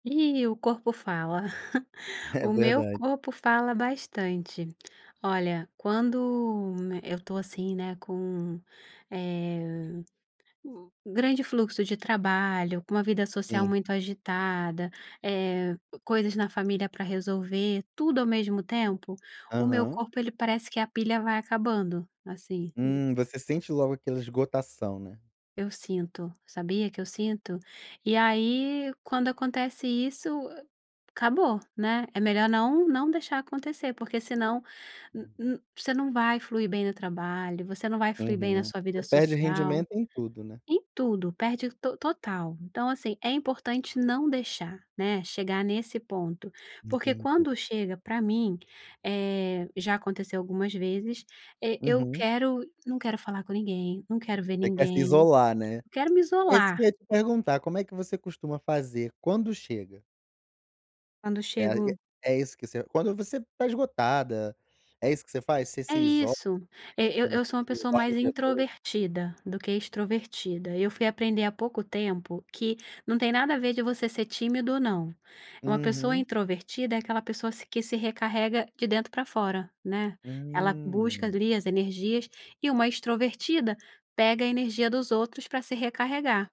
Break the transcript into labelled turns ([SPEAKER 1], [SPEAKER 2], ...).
[SPEAKER 1] Ih, o corpo fala.
[SPEAKER 2] É
[SPEAKER 1] O meu
[SPEAKER 2] verda
[SPEAKER 1] corpo fala bastante. Olha, quando eu tô assim, né, com, eh, o grande fluxo de trabalho, com uma vida social
[SPEAKER 2] Sim.
[SPEAKER 1] muito agitada, eh, coisas na família pra resolver, tudo ao mesmo tempo, o meu
[SPEAKER 2] Aham.
[SPEAKER 1] corpo ele parece que a pilha vai acabando, assim.
[SPEAKER 2] Hum, você sente logo aquela esgotação, né.
[SPEAKER 1] Eu sinto, sabia que eu sinto? E aí quando acontece isso acabou, né, é melhor não não deixar acontecer porque senão n
[SPEAKER 2] Uhum.
[SPEAKER 1] n você não vai fluir bem no trabalho, você não vai fluir bem na
[SPEAKER 2] Uhum,
[SPEAKER 1] sua vida
[SPEAKER 2] você perde
[SPEAKER 1] social,
[SPEAKER 2] rendimento em tudo, né.
[SPEAKER 1] em tudo perde to total. Então, assim, é importante não deixar, né, chegar nesse ponto, porque
[SPEAKER 2] Entendi.
[SPEAKER 1] quando chega pra mim, eh, já aconteceu algumas vezes, eh, eu
[SPEAKER 2] Uhum.
[SPEAKER 1] quero não quero falar com ninguém, não quero ver
[SPEAKER 2] Você quer se
[SPEAKER 1] ninguém,
[SPEAKER 2] isolar, né.
[SPEAKER 1] eu quero me
[SPEAKER 2] É isso
[SPEAKER 1] isolar.
[SPEAKER 2] que ia te perguntar, como é que você costuma fazer quando chega?
[SPEAKER 1] Quando
[SPEAKER 2] É a
[SPEAKER 1] chego
[SPEAKER 2] é isso que você quando você tá esgotada é isso que você faz, você
[SPEAKER 1] É
[SPEAKER 2] se iso
[SPEAKER 1] isso! E eu eu
[SPEAKER 2] [unintelligible]
[SPEAKER 1] sou uma pessoa
[SPEAKER 2] dorme
[SPEAKER 1] mais
[SPEAKER 2] o dia to
[SPEAKER 1] introvertida do que extrovertida e eu fui aprender há pouco tempo que não tem nada a ver de você ser tímido ou não. Uma pessoa
[SPEAKER 2] Uhum.
[SPEAKER 1] introvertida é aquela pessoa se que se recarrega de dentro pra fora, né, ela busca
[SPEAKER 2] Hum.
[SPEAKER 1] ali as energias e uma extrovertida pega a energia dos outros pra se recarregar.